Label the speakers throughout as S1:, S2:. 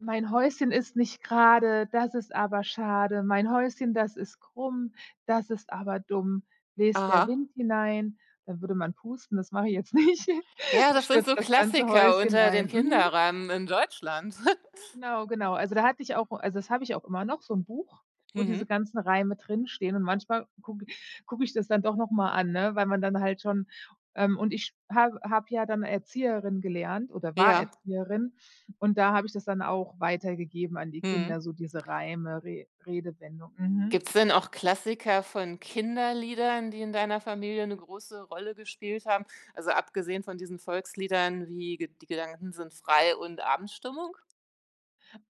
S1: „Mein Häuschen ist nicht grade, das ist aber schade. Mein Häuschen, das ist krumm, das ist aber dumm. Bläst der
S2: Aha.
S1: Wind hinein”, dann würde man pusten, das mache ich jetzt nicht,
S2: Ja, das sind so
S1: „stürzt das ganze
S2: Klassiker
S1: Häuschen
S2: unter
S1: ein”,
S2: den
S1: mhm.
S2: Kinderreimen in Deutschland.
S1: Genau, genau. Also, da hatte ich auch also, das habe ich auch immer noch so 'n Buch, wo diese
S2: Mhm.
S1: ganzen Reime drinstehen und manchmal gucke gucke ich das dann doch noch mal an, ne? Weil man dann halt schon, ähm und ich habe habe ja dann Erzieherin gelernt oder war
S2: Ja.
S1: Erzieherin und da habe ich das dann auch weitergegeben an die Kinder,
S2: Mhm.
S1: so diese Reime, Re Redewendung, mhm.
S2: Gibt's denn auch Klassiker von Kinderliedern, die in deiner Familie 'ne große Rolle gespielt haben? Also, abgesehen von diesen Volksliedern wie, Ge „Die Gedanken sind” frei und „Abendstimmung?”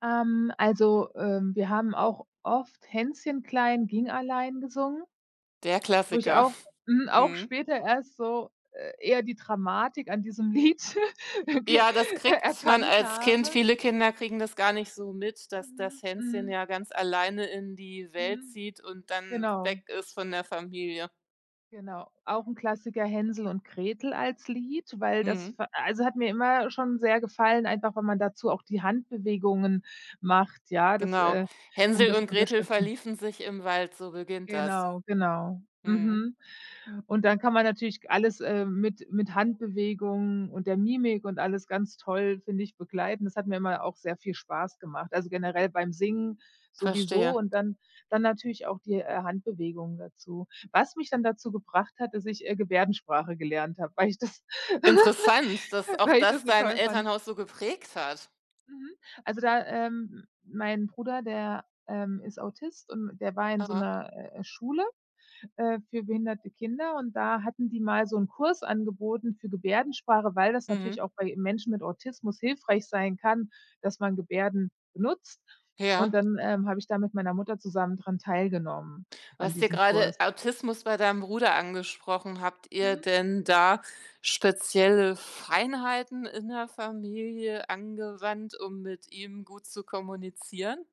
S1: Ähm, also, ähm, wir haben auch oft „Hänschen klein, ging allein” gesungen
S2: Der
S1: wo ich
S2: Klassiker.
S1: auch mhm, auch
S2: Mhm.
S1: später erst so, äh, eher die Dramatik an diesem Lied ge
S2: Ja, das
S1: er
S2: kriegt man
S1: erkannt
S2: als Kind
S1: habe.
S2: viele Kinder kriegen das gar nicht so mit, dass
S1: Mhm,
S2: das Hänschen
S1: mhm.
S2: ja ganz alleine in die Welt
S1: Mhm.
S2: zieht und dann weg
S1: Genau.
S2: ist von der Familie.
S1: Genau. Auch 'n Klassiker „Hänsel und Gretel” als Lied, weil das hat
S2: Mhm.
S1: ver also, hat mir immer schon sehr gefallen, einfach wenn man dazu auch die Handbewegungen macht, ja, das,
S2: Genau.
S1: äh um
S2: „Hänsel
S1: das zu
S2: und Gretel
S1: unterstützen.
S2: verliefen sich im Wald”, so beginnt das.
S1: Genau, genau,
S2: Mhm.
S1: mhm, und dann kann man natürlich alles, äh, mit mit Handbewegungen und der Mimik und alles ganz toll, finde ich, begleiten. Das hat mir immer auch sehr viel Spaß gemacht. Also, generell beim Singen
S2: Verstehe.
S1: sowieso und dann dann natürlich auch, die, äh, Handbewegung dazu, was mich dann dazu gebracht hat, dass ich, äh, Gebärdensprache gelernt habe, weil ich das
S2: Interessant, dass auch
S1: weil ich das
S2: das
S1: so
S2: dein
S1: toll fand.
S2: Elternhaus so geprägt hat.
S1: Mhm, also, da, ähm mein Bruder, der, ähm, ist Autist und der war in so
S2: Aha.
S1: 'ner, äh, Schule, äh, für behinderte Kinder und da hatten die mal so 'n Kurs angeboten für Gebärdensprache, weil das natürlich
S2: Mhm.
S1: auch bei Menschen mit Autismus hilfreich sein kann, dass man Gebärden nutzt und
S2: Ja.
S1: dann, ähm, habe ich da mit meiner Mutter zusammen dran teilgenommen
S2: Du
S1: an
S2: hast ja
S1: diesem
S2: grade
S1: Kurs.
S2: Autismus bei deinem Bruder angesprochen. Habt ihr
S1: Mhm.
S2: denn da spezielle Feinheiten in der Familie angewandt, um mit ihm gut zu kommunizieren?